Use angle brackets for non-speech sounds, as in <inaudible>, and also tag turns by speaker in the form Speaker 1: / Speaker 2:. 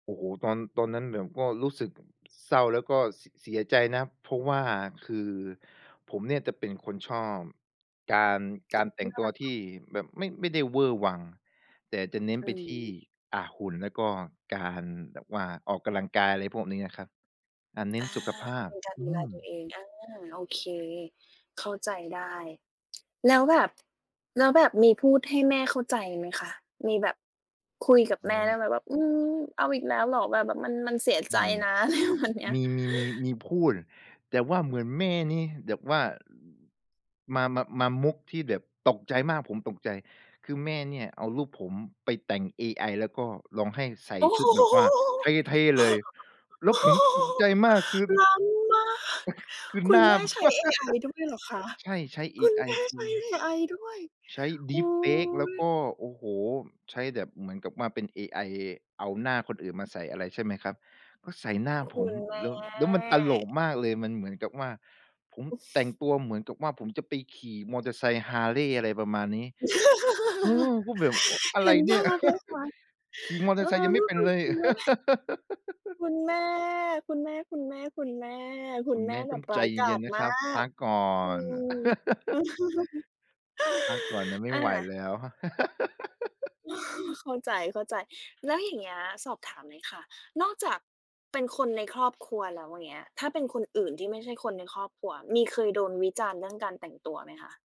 Speaker 1: โอ้โฮ! ตอน ตอนนั้นแบบก็รู้สึก เศร้า แล้วก็ ส เสียใจนะ เพราะว่าคือผมเนี่ยจะเป็นคนชอบ การ การแต่งตัวท
Speaker 2: <unintelligible>
Speaker 1: ี่แบบไม่ ไม่ได้เวอร์วัง แต่จะเน้น
Speaker 2: อื
Speaker 1: ไปที่
Speaker 2: ม
Speaker 1: อา หุ่น แล้วก็การแบบว่าออกกำลังกาย ไรพวกนี้นะครับ อา เน
Speaker 2: อ
Speaker 1: ้น
Speaker 2: า
Speaker 1: สุขภา
Speaker 2: เ
Speaker 1: พ
Speaker 2: ป็นการ
Speaker 1: อ
Speaker 2: ด
Speaker 1: ื
Speaker 2: ูแล
Speaker 1: ม
Speaker 2: ตัวเอง อา โอเค เข้าใจได้ แล้วแบบ แล้วแบบมีพูดให้แม่เข้าใจไหมคะ? มีแบบคุยกับ
Speaker 1: อ
Speaker 2: แ
Speaker 1: ๋
Speaker 2: ม่ได
Speaker 1: อ
Speaker 2: ้ไหมว่า "อืม เอาอีกแล้วเหรอ แบบ แบบมัน มันเสีย
Speaker 1: อ
Speaker 2: ใจ
Speaker 1: ือฮึ
Speaker 2: นะ" อะไรประมาณเนี้ย
Speaker 1: มี มี มี มีพูด แต่ว่าเหมือนแม่นี่แบบว่า อ มา มา มามุกที่แบบตกใจมาก ผมตกใจ คือแม่เนี่ยเอารูปผมไปแต่งเอไอ แล้วก็ลองให้ใส่
Speaker 2: โอ้
Speaker 1: ช
Speaker 2: โ
Speaker 1: ุ
Speaker 2: ฮ!
Speaker 1: ดแบบว่า
Speaker 2: <chuckles>
Speaker 1: เท่ ๆ เลย แล
Speaker 2: โ
Speaker 1: ้
Speaker 2: อ
Speaker 1: ว
Speaker 2: ้
Speaker 1: ผม
Speaker 2: โฮ!
Speaker 1: ตกใจมาก คือ
Speaker 2: ล้ำมาก
Speaker 1: <chuckles> คือ
Speaker 2: คุ
Speaker 1: หน
Speaker 2: ณ
Speaker 1: ้า
Speaker 2: แม่ใช้เอไอ
Speaker 1: <laughs>
Speaker 2: ด้วยเหรอคะ?
Speaker 1: ใช่ ใช้เอ
Speaker 2: คุณ
Speaker 1: ไอ
Speaker 2: แม่
Speaker 1: ค
Speaker 2: ใช
Speaker 1: ือ
Speaker 2: ้เอไอด้วย
Speaker 1: ใช้
Speaker 2: โอ้โ
Speaker 1: Deepfake แล้วก
Speaker 2: ฮ!
Speaker 1: ็ โอ้โฮ! ใช้แบบเหมือนกับว่าเป็นเอไอเอาหน้าคนอื่นมาใส่อะไร ใช่ไหมครับ ก็ใส่หน้า
Speaker 2: ค
Speaker 1: ผ
Speaker 2: ุ
Speaker 1: ม
Speaker 2: ณ แม
Speaker 1: แล
Speaker 2: ่
Speaker 1: ้ว แล้วมันตลกมากเลย มันเหมือนกับว่า ผมแต่ง
Speaker 2: <chuckles>
Speaker 1: ตัวเหมือนกับว่าผมจะไปขี่มอเตอร์ไซค์ Harley อะไรประมาณนี้ เออ
Speaker 2: <laughs>
Speaker 1: ก็แบบ อ อะ
Speaker 2: เ
Speaker 1: ไ
Speaker 2: ห
Speaker 1: ร
Speaker 2: ็น
Speaker 1: เน
Speaker 2: ภ
Speaker 1: ี่ย
Speaker 2: าพเลยค่ะ
Speaker 1: <laughs> ขี่มอเ
Speaker 2: เ
Speaker 1: ตอ
Speaker 2: อ
Speaker 1: ร
Speaker 2: อ
Speaker 1: ์ไซค์ยัง
Speaker 2: แ
Speaker 1: ไ
Speaker 2: ล
Speaker 1: ม่
Speaker 2: ้ว
Speaker 1: เป็
Speaker 2: แบ
Speaker 1: น
Speaker 2: บ
Speaker 1: เลย
Speaker 2: คุณแม่
Speaker 1: <laughs>
Speaker 2: คุณแม่ คุณแม่ ๆ ๆ คุณแ
Speaker 1: คุณ
Speaker 2: ม
Speaker 1: แม
Speaker 2: ่
Speaker 1: ่
Speaker 2: แบ
Speaker 1: ต้อ
Speaker 2: บ
Speaker 1: ง
Speaker 2: ร
Speaker 1: ใ
Speaker 2: ้
Speaker 1: จ
Speaker 2: ายกา
Speaker 1: เย็
Speaker 2: จ
Speaker 1: น ๆ นะ
Speaker 2: ม
Speaker 1: ค
Speaker 2: า
Speaker 1: รับ พ
Speaker 2: ก
Speaker 1: ักก่อ
Speaker 2: อื
Speaker 1: น
Speaker 2: ม
Speaker 1: <laughs>
Speaker 2: <laughs>
Speaker 1: พักก่อนนะ ไม
Speaker 2: อ
Speaker 1: ่
Speaker 2: า
Speaker 1: ไหวแล้วครับ <laughs>
Speaker 2: <chuckles> เข้าใจ ๆ แล้วอย่างเงี้ย สอบถามหน่อยค่ะ นอกจากเป็นคน ในครอบครัวแล้ว เงี้ย ถ้าเป็นคนอื่นที่ไม่ใช่คนในครอบครัว มีเคยโดนวิจารณ์ เรื่องการแต่งตัวไหมคะ?